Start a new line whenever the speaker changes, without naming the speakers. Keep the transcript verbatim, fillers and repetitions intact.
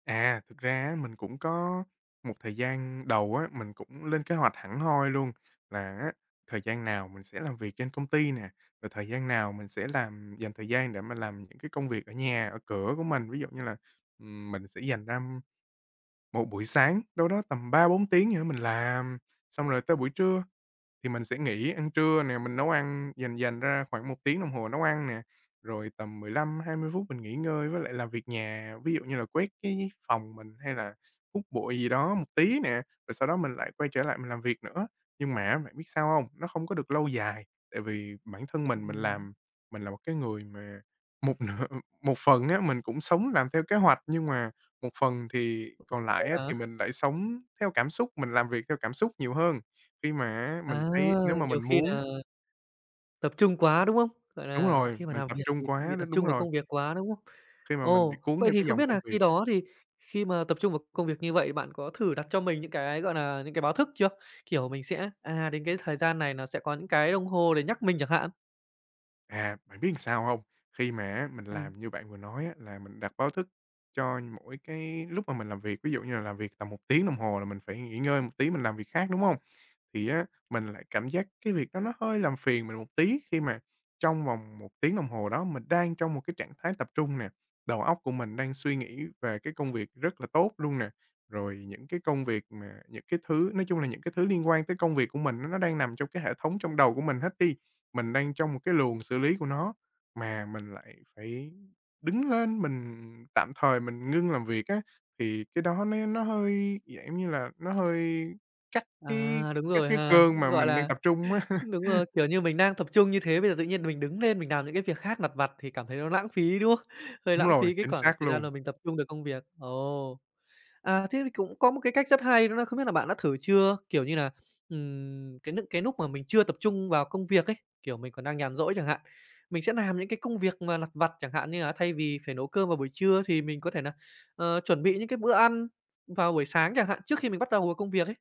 À, thực ra á mình cũng có một thời gian đầu á, mình cũng lên kế hoạch hẳn hoi luôn là á thời gian nào mình sẽ làm việc trên công ty nè, rồi thời gian nào mình sẽ làm dành thời gian để mà làm những cái công việc ở nhà, ở cửa của mình. Ví dụ như là, ừ, mình sẽ dành ra một buổi sáng đâu đó tầm ba bốn tiếng gì đó mình làm, xong rồi tới buổi trưa thì mình sẽ nghỉ ăn trưa nè. Mình nấu ăn dành dành ra khoảng một tiếng đồng hồ nấu ăn nè, rồi tầm mười lăm hai mươi phút mình nghỉ ngơi với lại làm việc nhà, ví dụ như là quét cái phòng mình, hay là hút bụi gì đó một tí nè. Rồi sau đó mình lại quay trở lại mình làm việc nữa. Nhưng mà á bạn biết sao hông? Nó không có được lâu dài, tại vì bản thân mình mình
Ừm.
làm mình là một cái người mà một nửa một phần á mình cũng sống làm theo kế hoạch, nhưng mà một phần thì còn
Vậy
lại á
hả?
thì mình lại sống theo cảm xúc, mình làm việc theo cảm xúc nhiều hơn. Khi mà á, mình
À,
thấy nếu mà
nhiều
mình
khi
muốn
nà tập trung quá, đúng không? Gọi
Đúng
là,
rồi,
khi mà
mình
nàm
tập
việc
trung
thì
quá,
bị
đ
tập
đúng
trung vào
rồi.
công việc quá, đúng không?
Khi mà mình bị
Ồ,
cuốn
vậy
theo
thì
cái
không
dòng
biết
công
nà khi
việc á.
đó thì khi mà tập trung vào công việc như vậy thì bạn có thử đặt cho mình những cái, gọi nà, những cái báo thức chưa? Kiểu, mình sẽ, à, đến cái thời gian này nó sẽ có những cái đồng hồ để nhắc mình chẳng hạn?
À, bạn biết sao hông? Khi mà á mình
Ừm.
làm như bạn vừa nói á là mình đặt báo thức cho mỗi cái lúc mà mình làm việc, ví dụ như là làm việc tầm một tiếng đồng hồ là mình phải nghỉ ngơi một tí mình làm việc khác, đúng hông? Thì á mình lại cảm giác cái việc đó nó hơi làm phiền mình một tí khi mà trong vòng một tiếng đồng hồ đó mình đang trong một cái trạng thái tập trung nè, đầu óc của mình đang suy nghĩ về cái công việc rất là tốt luôn nè, rồi những cái công việc mà những cái thứ nói chung là, những cái thứ liên quan tới công việc của mình á nó đang nằm trong cái hệ thống trong đầu của mình hết đi. Mình đang trong một cái luồng xử lý của nó mà mình lại phải đứng lên, mình tạm thời mình ngưng làm việc á, thì cái đó nó nó hơi, dạng giống như là, nó hơi cắt cái
À, đúng
cắt
rồi
cái
ha,
cơn mà
gọi
mình đang
là,
tập trung á.
đúng rồi, kiểu như, mình đang tập trung như thế bây giờ tự nhiên mình đứng nên mình nàm những cái việc khác lặt vặt thì cảm thấy nó lãng phí, đúng không? Hơi
Đúng
lãng
rồi,
phí cái
chính
khoảng
xác
thời gian mà
luôn.
mình tập trung được công việc. Ồ, à, thế thì cũng có một cái cách rất hay đó là không biết là bạn đã thử chưa kiểu như nà, ừm, cái nức cái núc mà mình chưa tập trung vào công việc ấy, kiểu, mình còn đang nhàn rỗi chẳng hạn, mình sẽ nàm những cái công việc mà lặt vặt chẳng hạn như là thay vì phải nấu cơm vào buổi trưa thì mình có thể nà, ờ, chuẩn bị những cái bữa ăn vào buổi sáng chẳng hạn, trước khi mình bắt đầu vào công việc ấy.